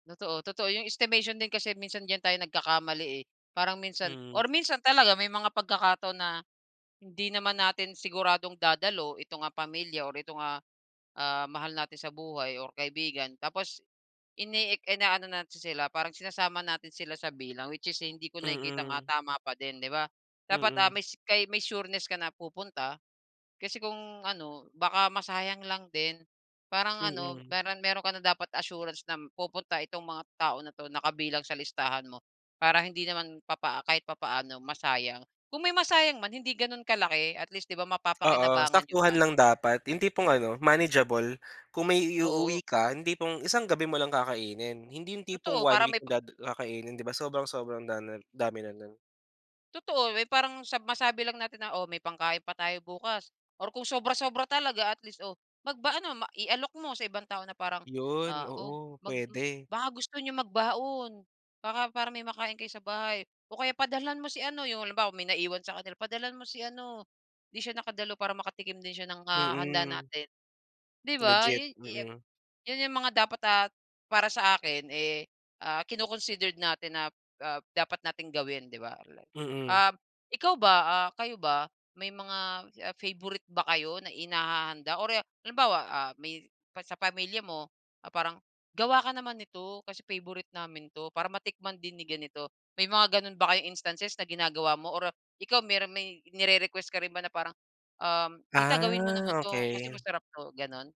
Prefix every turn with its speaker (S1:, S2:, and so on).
S1: Totoo, totoo. Yung estimation din kasi minsan diyan tayo nagkakamali, eh. Parang minsan
S2: Hmm.
S1: or minsan talaga may mga pagkakataon na, hindi naman natin siguradong dadalo itong, ah, pamilya or itong, ah, ah, mahal natin sa buhay or kaibigan tapos ini-ek inaano natin sila, parang sinasama natin sila sa bilang. Which is hindi ko nakikitang, ah,
S2: Mm.
S1: tama pa din, di ba? Dapat, ah,
S2: Mm.
S1: mays kay may sureness ka na pupunta kasi kung ano, baka masayang lang din. Parang ano,
S2: Mm.
S1: meron meron ka na dapat assurance na pupunta itong mga tao na 'to, na kabilang sa listahan mo para hindi naman papaa kahit papaano masayang. Kung may masayang man, hindi ganun kalaki. At least, di ba,
S2: Oo,
S1: mapapakinabangan niyo
S2: saktuhan
S1: pa.
S2: lang dapat. Yung tipong ano, manageable. Kung may iuuwi
S1: Oo.
S2: ka, yung tipong isang gabi mo lang kakainin. Hindi yung tipong
S1: Totoo,
S2: 1
S1: para
S2: week
S1: may pa
S2: da kakainin, di ba? Sobrang, sobrang dam dami na nun.
S1: Totoo, may parang sab masabi lang natin na, "Oh, may pangkain pa tayo bukas." Or kung sobra-sobra talaga, at least, oh, magba ano, ma ialok mo sa ibang tao na parang,
S2: Yun,
S1: ah, "Oh,
S2: oo,
S1: mag
S2: pwede.
S1: baka gusto niyong magbaon. Baka para may makain kayo sa bahay. O kaya padalhan mo si ano." 'Yong halimbawa, may naiwan sa kanila. "Padalhan mo si ano, 'di siya nakadalo. Para makatikim din siya ng, ah, handa
S2: Mm.
S1: natin," 'di ba.
S2: Legit,
S1: 'Yon 'yo
S2: mm.
S1: yon 'yong mga dapat at para sa akin, eh, ah, kino-considered natin na, ah, dapat nating gawin, 'di ba.
S2: Mm.
S1: Ah, ikaw ba, ah, kayo ba, may mga, ah, favourite ba kayo na inihahanda or, ah, halimbawa, ah, may pa sa pamilya mo, parang, "Gawa ka naman nito, kasi favourite namin 'to. Para matikman din ni ganito." May mga ganun ba kayong instances na ginagawa mo or ikaw, meron may nire-request ka rin ba na parang, um, "Tita gawin mo naman
S2: Ah,
S1: 'to, kasi
S2: okey.
S1: masarap 'to," ganon?